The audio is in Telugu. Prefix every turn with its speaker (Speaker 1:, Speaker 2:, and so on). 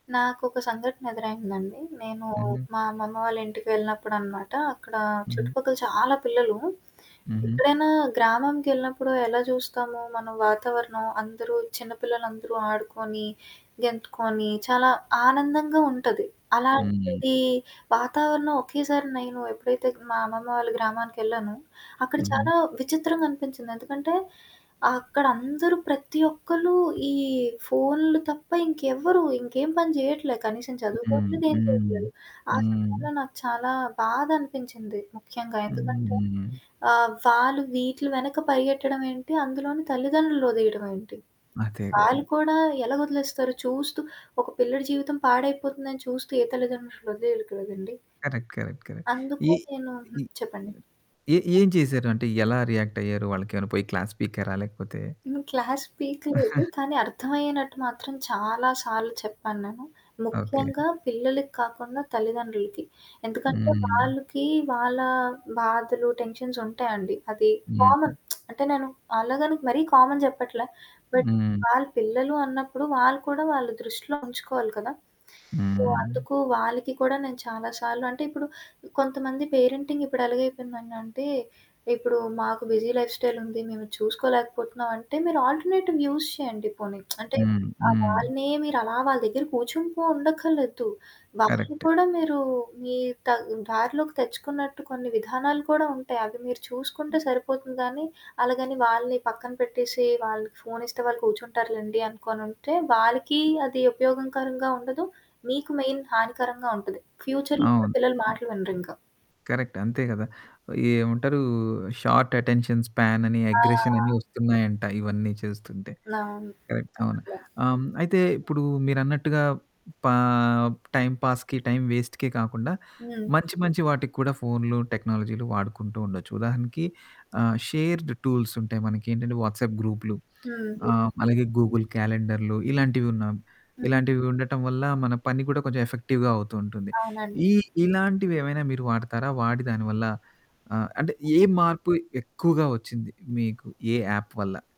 Speaker 1: నాకోక సంఘటన ఎదురైందండి. నేను
Speaker 2: హుహు.
Speaker 1: మా అమ్మమ్మ వాళ్ళ ఇంటికి వెళ్ళినప్పుడనమాట. అక్కడ
Speaker 2: హుహు.
Speaker 1: చుట్టుపక్కల చాలా పిల్లలు,
Speaker 2: హుహు.
Speaker 1: ఎప్పుడైనా గ్రామంకెళ్ళినప్పుడు ఎలా చూస్తాము. మనం వాతావరణం. అందరూ చిన్న పిల్లలందరూ ఆడుకొని, గెంతుకొని, చాలా ఆనందంగా ఉంటది.
Speaker 2: హ్మ్.
Speaker 1: అలాంటిది వాతావరణం ఒకేసారి నేను ఎప్పుడైతే మా అమ్మమ్మ వాళ్ళు గ్రామానికెళ్ళానో, అక్కడ
Speaker 2: హుహు.
Speaker 1: చాలా విచిత్రంగా అనిపించింది. ఎందుకంటే అక్కడందరూ ప్రతి ఒక్కళ్ళు ఈ ఫోన్లు తప్ప ఇంకెవ్వరు ఇంకేం పని చేయట్లే. కనీసం
Speaker 2: హ్మ్.
Speaker 1: చదువుకోట్లేదు, ఏం
Speaker 2: హ్మ్.
Speaker 1: చేయట్లేదు. ఆ సమయంలో
Speaker 2: హ్మ్.
Speaker 1: నాకు చాలా బాధ అనిపించింది. ముఖ్యంగా ఎందుకంటే
Speaker 2: హ్మ్.
Speaker 1: ఆహ్, వాళ్ళు వీటిలు వెనక పరిగెట్టడం ఏంటి? అందులోని తల్లిదండ్రులుని వదిలేయడం ఏంటి?
Speaker 2: అదే కదా!
Speaker 1: వాళ్ళు కూడా ఎలాగొదిలేస్తారు? చూస్తూ ఒక పిల్లడి జీవితం పాడైపోతుందని చూస్తూ, ఏ తల్లితండ్రులు వాదిలేయరు కదండీ.
Speaker 2: Correct correct correct.
Speaker 1: అందుకు
Speaker 2: ఈ
Speaker 1: నేను
Speaker 2: ఈ
Speaker 1: చెప్పండి.
Speaker 2: ఏ ఏం చేశారు? అంటే ఎలా రియాక్ట్ అయ్యారు? వాళ్ళకిమైనా పోయి క్లాస్ పీకారా లేకపోతే
Speaker 1: నేను క్లాస్ పీక లేదు. కానీ అర్థమయ్యనట్టు మాత్రం చాలా సార్లు చెప్పాను నేను.
Speaker 2: ఓకే.
Speaker 1: ముఖ్యంగా పిల్లలకి కాకుండా తల్లిదండ్రులకి. ఎందుకంటే
Speaker 2: హ్మ్.
Speaker 1: వాళ్ళకి వాళ్ళ బాధలు, టెన్షన్స్ ఉంటాయండి. అది
Speaker 2: హ్మ్.
Speaker 1: కామన్ అంటే నేను అలాగనికి మరీ కామన్ చెప్పట్ల. బట్
Speaker 2: హ్మ్.
Speaker 1: వాళ్ళ పిల్లలు అన్నప్పుడు వాళ్ళు కూడా వాళ్ళ దృష్టిలో ఉంచుకోవాలి కదా! సో
Speaker 2: హ్మ్.
Speaker 1: అందుకు వాళ్ళకి కూడా నేను చాలా సార్లు అంటే ఇప్పుడు కొంతమంది పేరెంటింగ్ ఇప్పుడు ఎలాగైపోయిందడింటే, ఇప్పుడు మాకు బిజీ లైఫ్ స్టైల్ ఉంది. మేము చూసుకోలేకపోతున్నాం అంటే. మీరు ఆల్టర్నేటివ్ యూజ్ చేయండి పోనీ. అంటే
Speaker 2: హ్మ్.
Speaker 1: ఆ!
Speaker 2: హ్మ్.
Speaker 1: వాళ్ళనే మీరు అలా వాళ్ళ దగ్గర కూర్చుంటూ ఉండఖర్లేదు. వాళ్ళని
Speaker 2: కరెక్ట్.
Speaker 1: కూడా మీరు మీ త దారిలోకి తెచ్చుకున్నట్టు కొన్ని విధానాలు కూడా ఉంటాయి. అవి మీరు చూసుకుంటే సరిపోతుంది గానీ, అలాగని వాళ్ళని పక్కన పెట్టేసి వాళ్ళకి ఫోను ఇస్తే వాళ్ళు కూర్చుంటారు లెండి. అనుకోనుంటే వాళ్ళకి అది ఉపయోగకరంగా ఉండదు. మీకు మెయిన్ హానికరంగా ఉంటది. ఫ్యూచర్‌లొ కూడా
Speaker 2: అవును.
Speaker 1: పిల్లలు
Speaker 2: ఆ!
Speaker 1: మాటలు వినరింక.
Speaker 2: కరెక్ట్. అంతే కదా! ఏమంటారు షార్ట్ అటెన్షన్ స్పాన్ అని అగ్రెషన్ అని
Speaker 1: ఆ!
Speaker 2: వస్తున్నాయంట. ఇవన్నీ చేస్తుంటే.
Speaker 1: అవును.
Speaker 2: కరెక్ట్. అవును.
Speaker 1: చాలా.
Speaker 2: ఆహ్. అయితే ఇప్పుడు మీరన్నట్టుగా పా టైం పాాస్‌కి, టైమ్ వేస్ట్‌కె కాకుండా
Speaker 1: హ్మ్.
Speaker 2: మంచి మంచి వాటికి కూడా ఫోన్లు, టెక్నాలజీలు వాడుకుంటూ ఉండొచ్చు. ఉదాహరణకి ఆహ్, షేర్డ్ టూల్స్ ఉంటాయి. మనకేంటంటే వాట్సాప్ గ్రూప్లు.
Speaker 1: హుహు.
Speaker 2: ఆహ్, అలాగే గూగుల్ క్యాలెండర్లు ఇలాంటివి ఉన్నాం
Speaker 1: హ్మ్.
Speaker 2: ఇలాంటివి ఉండటం వల్ల మన పని కూడా కొంచెం ఎఫెక్టివ్‌గా అవుతూ ఉంటుంది.
Speaker 1: అవునండి.
Speaker 2: ఈ ఇలాంటివి ఏమైనా మీరు వాడతారా? వాడి దానివల్ల ఆ! అంటే ఏ మార్పు ఎక్కువగా వచ్చింది మీకు ఏ యాప్ వల్ల?